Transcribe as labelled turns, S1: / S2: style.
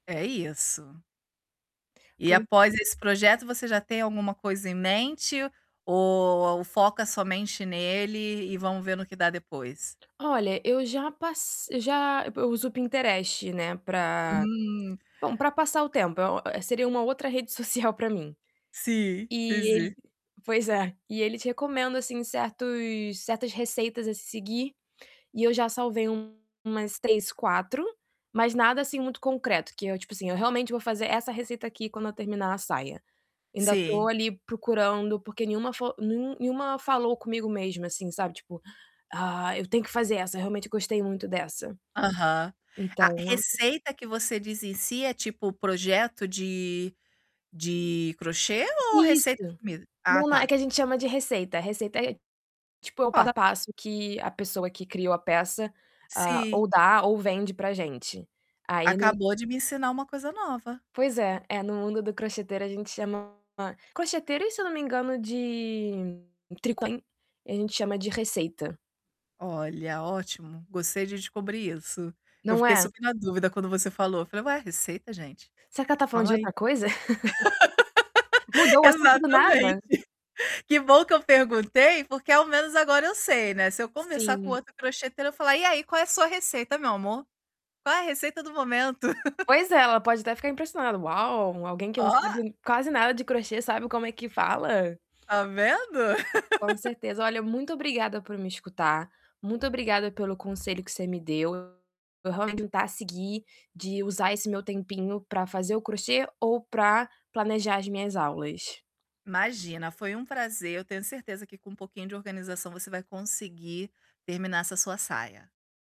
S1: É isso. E
S2: Pois
S1: após esse projeto, você já tem alguma coisa em mente ou foca somente nele e vamo ver no que dá depois?
S2: Olha, eu já pas já eu uso o Pinterest, né, para
S1: Hum.
S2: bom, para passar o tempo, é o seria uma outra rede social para mim.
S1: Sim, sim,
S2: E ele
S1: sim.
S2: pois é, e ele te recomenda assim certos certas receitas a se seguir e eu já salvei umas 3, 4, mas nada assim muito concreto, que eu, tipo assim, eu realmente vou fazer essa receita aqui quando eu terminar a saia. Ainda tô
S1: Sim.
S2: ali procurando, porque nenhuma fo nen nenhuma falou comigo mesmo assim, sabe. Tipo: "Ah, eu tenho que fazer essa, realmente eu gostei muito dessa."
S1: Aham.
S2: Então
S1: Ah, "receita" que você diz em si é, tipo, projeto de de crochê ou receita de
S2: Isso!
S1: comida? Ah,
S2: Não, é
S1: tá!
S2: que a gente chama de receita. Receita é tipo, é o passo
S1: Ó.
S2: a passo que a pessoa que criou a peça, hã,
S1: Sim.
S2: ou dá ou vende para gente. Aí no
S1: Acabou de me ensinar uma coisa nova.
S2: Pois é, eh, no mundo do crocheteira a gente chama crocheteira e se eu não me engano de tricô [unintelligible] A gente chama de receita.
S1: Olha, ótimo, gostei de descobrir isso. Eu
S2: Não
S1: fiquei
S2: é?
S1: super na dúvida quando você falou. Eu falei: "Ué, receita, gente?
S2: Será que ela tá falando
S1: Calma
S2: de
S1: aí."
S2: outra coisa? Mudou o assunto do nada.
S1: Exatamente. Que bom que eu perguntei, porque ao menos agora eu sei, né. Se eu conversar com
S2: Sim.
S1: outro crocheteiro, eu falar: "E aí, qual é a sua receita, meu amor? Qual é a receita do momento?"
S2: Pois é, ela pode até ficar impressionada: "Uau, alguém que não
S1: Ó!
S2: sabe ni quase nada de crochê sabe como é que fala?"
S1: Tá vendo?
S2: Com certeza. Olha, muito obrigada por me escutar. Muito obrigada pelo conselho que você me deu. Eu realmente vou tentar seguir de usar esse meu tempinho para fazer o crochê ou para planejar as minhas aulas.
S1: Imagina, foi um prazer. Eu tenho certeza que com um pouquinho de organização você vai conseguir terminar essa sua saia.